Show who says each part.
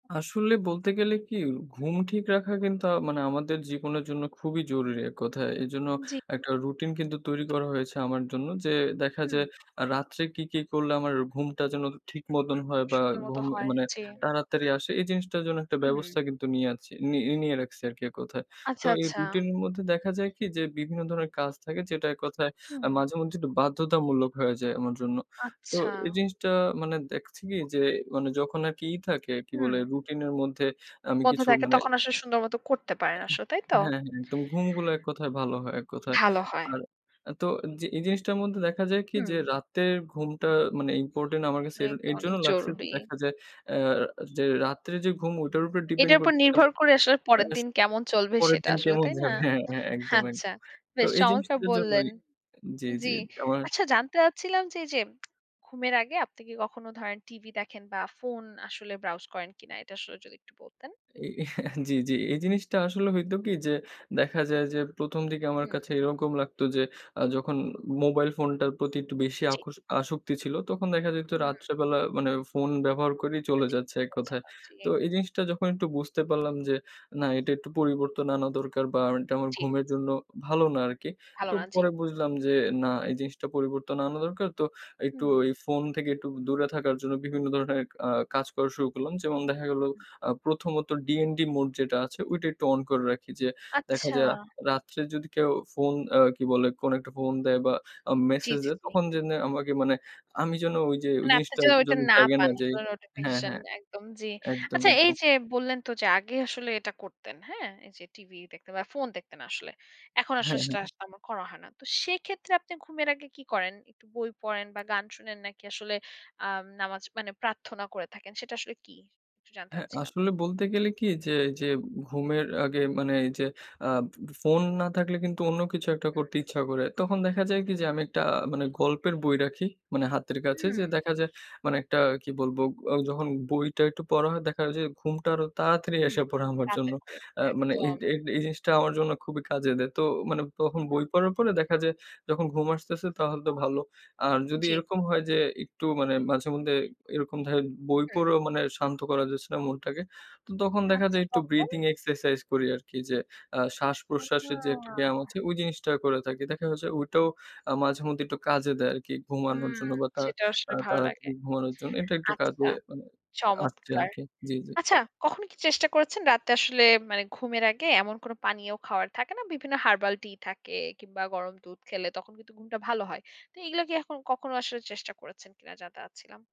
Speaker 1: আসলে বলতে গেলে কি ঘুম ঠিক রাখা কিন্তু আ মানে আমাদের জীবনের জন্য খুবই জরুরি এক কথায়। এজন্য
Speaker 2: জি।
Speaker 1: একটা রুটিন কিন্তু তৈরি করা হয়েছে আমার জন্য যে দেখা
Speaker 2: হুম।
Speaker 1: যায় আ রাত্রে কি, কি করলে আমার ঘুমটা যেন ঠিক মতন হয় বা
Speaker 2: সুন্দর মতো
Speaker 1: ঘুম এ
Speaker 2: হয়
Speaker 1: মানে
Speaker 2: জি।
Speaker 1: তাড়াতাড়ি আসে এই জিনিসটার জন্য একটা
Speaker 2: হুম।
Speaker 1: ব্যবস্থা কিন্তু নিয়ে আছি নি নিয়ে রাখছি আরকি এক কোথায়। তো
Speaker 2: আচ্ছা,
Speaker 1: এই
Speaker 2: আচ্ছা।
Speaker 1: রুটিনের মধ্যে দেখা যায় কি যে বিভিন্ন ধরনের কাজ থাকে যেটা এক কথায়
Speaker 2: হুম।
Speaker 1: মাঝেমধ্যেই একটু বাধ্যতামূলক হয়ে যায় আমার জন্য। তো
Speaker 2: আচ্ছা।
Speaker 1: এই জিনিসটা মানে দেখছি কি যে মানে যখন আরকি ই থাকে কি
Speaker 2: হুম।
Speaker 1: বলে রুটিনের মধ্যে আমি
Speaker 2: মধ্যে
Speaker 1: কিছু
Speaker 2: থাকে
Speaker 1: মানে
Speaker 2: তখন আসলে সুন্দর মত করতে পারেন আসলে, তাই তো?
Speaker 1: হ্যাঁ, হ্যাঁ। তবে ঘুমগুলা এক কথায় ভালো হয় এক কথায়।
Speaker 2: ভালো হয়।
Speaker 1: আর তো জি এই জিনিসটার মধ্যে দেখা যায় কি
Speaker 2: হুম।
Speaker 1: যে রাতের ঘুমটা মানে ইম্পোর্টেন্ট আমার কাছে এর
Speaker 2: অনেক,
Speaker 1: এর জন্য
Speaker 2: অনেক
Speaker 1: লাগছে যে
Speaker 2: জরুরি।
Speaker 1: দেখা যায় আ যে রাত্রে যে ঘুম ওইটার উপর ডিপেন্ড
Speaker 2: এটার উপর
Speaker 1: করতেছে আবা
Speaker 2: নির্ভর করে আসলে পরের দিন
Speaker 1: [unintelligible]
Speaker 2: কেমন চলবে
Speaker 1: পরের
Speaker 2: সেটা
Speaker 1: দিন
Speaker 2: আসলে
Speaker 1: কেমন
Speaker 2: তাই না?
Speaker 1: যাবে। হ্যাঁ, হ্যাঁ একদম, একদম।
Speaker 2: আচ্ছা।
Speaker 1: তো
Speaker 2: বেশ
Speaker 1: এই
Speaker 2: চমৎকার
Speaker 1: জিনিসটার
Speaker 2: বললেন।
Speaker 1: জন্যই আ জি, জি
Speaker 2: জি।
Speaker 1: আমার
Speaker 2: আচ্ছা জানতে চাচ্ছিলাম যে এই যে ঘুমের আগে আপনি কি কখনো ধরেন টিভি দেখেন বা ফোন আসলে ব্রাউজ করেন কিনা? এটা আসলে যদি একটু বলতেন।
Speaker 1: এই জি, জি এই জিনিসটা আসলে হইতো কি যে দেখা যায় যে প্রথম দিকে আমার
Speaker 2: হুম।
Speaker 1: কাছে এরকম লাগতো যে আ যখন মোবাইল ফোনটার প্রতি একটু বেশি
Speaker 2: জি।
Speaker 1: আকশ আসক্তি ছিল তখন দেখা যাইত
Speaker 2: হুম।
Speaker 1: রাত্রেবেলা মানে ফোন ব্যবহার করেই
Speaker 2: এটা
Speaker 1: চলে
Speaker 2: ঠিক
Speaker 1: যাচ্ছে এক
Speaker 2: বলেছেন
Speaker 1: কথায়।
Speaker 2: আ জি।
Speaker 1: তো এই জিনিসটা যখন একটু বুঝতে পারলাম যে না এটা একটু পরিবর্তন আনা দরকার বা এটা আমার
Speaker 2: জি।
Speaker 1: ঘুমের জন্য ভালো না আরকি।
Speaker 2: ভালো
Speaker 1: তো
Speaker 2: না, জি।
Speaker 1: পরে বুঝলাম যে না এই জিনিসটা পরিবর্তন আনা দরকার তো একটু
Speaker 2: হুম।
Speaker 1: এই ফোন থেকে একটু দূরে থাকার জন্য বিভিন্ন ধরনের আ কাজ করা শুরু করলাম। যেমন দেখা গেলো আ ১ম ত ডিএনডি মোড যেটা আছে ঐইটা একটু অন করে রাখি যে দেখা
Speaker 2: আচ্ছা।
Speaker 1: যায় রাত্রে যদি কেউ ফোন আ কি বলে কোনো একটা ফোন দেয় বা
Speaker 2: জি,
Speaker 1: মেসেজ
Speaker 2: জি,
Speaker 1: দেয়
Speaker 2: জি।
Speaker 1: তখন যেন আমাকে মানে আমি যেন ঐ যে ঐ
Speaker 2: মানে আপনি
Speaker 1: জিনিসটা
Speaker 2: যে ঐটা
Speaker 1: যেন
Speaker 2: না
Speaker 1: থাকে না
Speaker 2: পান।
Speaker 1: যে
Speaker 2: কোনো
Speaker 1: হ্যাঁ,
Speaker 2: নোটিফিকেশন
Speaker 1: হ্যাঁ
Speaker 2: একদম জি।
Speaker 1: একদম,
Speaker 2: আচ্ছা এই
Speaker 1: একদম।
Speaker 2: যে বললেন তো যে আগে আসলে এটা করতেন। হ্যাঁ? এই যে টিভি দেখতে বা ফোন দেখতেন আসলে। এখন আসলে
Speaker 1: হ্যাঁ,
Speaker 2: সেটা
Speaker 1: হ্যাঁ।
Speaker 2: আর তেমন করা হয় না। তো সেক্ষেত্রে আপনি ঘুমের আগে কি করেন? একটু বই পড়েন বা গান শুনেন নাকি আসলে আ নামাজ মানে প্রার্থনা করে থাকেন সেটা আসলে কি? একটু জানতে
Speaker 1: হ্যাঁ
Speaker 2: চাচ্ছিলাম।
Speaker 1: আসলে বলতে গেলে কি যে, যে ঘুমের আগে মানে এই যে আ ফোন না থাকলে কিন্তু অন্য কিছু একটা
Speaker 2: হুম।
Speaker 1: করতে ইচ্ছা করে। তখন দেখা যায় কি যে আমি একটা মানে গল্পের বই রাখি মানে হাতের কাছে যে
Speaker 2: হুম।
Speaker 1: দেখা যায় মানে একটা কি বলবো যখন বইটা একটু পড়া হয় দেখা যায় যে ঘুমটা আরো তাড়াতাড়ি
Speaker 2: হুম
Speaker 1: এসে পড়ে আমার
Speaker 2: পা
Speaker 1: জন্য।
Speaker 2: বের করে
Speaker 1: আ মানে এই,
Speaker 2: একদম।
Speaker 1: এই, এই জিনিসটা আমার জন্য খুবই কাজে দেয়। তো মানে তখন বই
Speaker 2: হুম।
Speaker 1: পড়ার পরে দেখা যায় যখন ঘুম আসতেছে তাহলে তো ভালো আর যদি
Speaker 2: জি।
Speaker 1: এরকম হয় যে একটু মানে মাঝে মধ্যে এরকম ধরেন বই
Speaker 2: হুম।
Speaker 1: পড়েও মানে শান্ত করা যাচ্ছে না মনটাকে তো তখন দেখা
Speaker 2: আচ্ছা
Speaker 1: যায় একটু
Speaker 2: তখন?
Speaker 1: ব্রিদিং এক্সারসাইজ করি আরকি যে আ শ্বাসপ্রশ্বাসের যে
Speaker 2: উহুম।
Speaker 1: একটা ব্যায়াম আছে ঐ জিনিসটা করে থাকি দেখা যাচ্ছে ঐটাও আ মাঝেমধ্যেই একটু কাজে দেয় আরকি ঘুমানোর
Speaker 2: হুম
Speaker 1: জন্য বা তা
Speaker 2: সেটা
Speaker 1: আ
Speaker 2: আসলে ভালো লাগে।
Speaker 1: তাড়াতাড়ি ঘুমানোর জন্য এটা একটু
Speaker 2: আচ্ছা
Speaker 1: কাজে মানে আসছে
Speaker 2: চমৎকার।
Speaker 1: আরকি জি, জি।
Speaker 2: আচ্ছা কখনো কি চেষ্টা করেছেন রাত্রে আসলে মানে ঘুমের আগে এমন কোন পানীয় খাওয়ার থাকে না। বিভিন্ন হারবাল টি থাকে কিংবা গরম দুধ খেলে তখন কিন্তু ঘুমটা ভালো হয়। তো এগুলো কি এখন কখনো আসলে চেষ্টা করেছেন কিনা? জানতে চাচ্ছিলাম।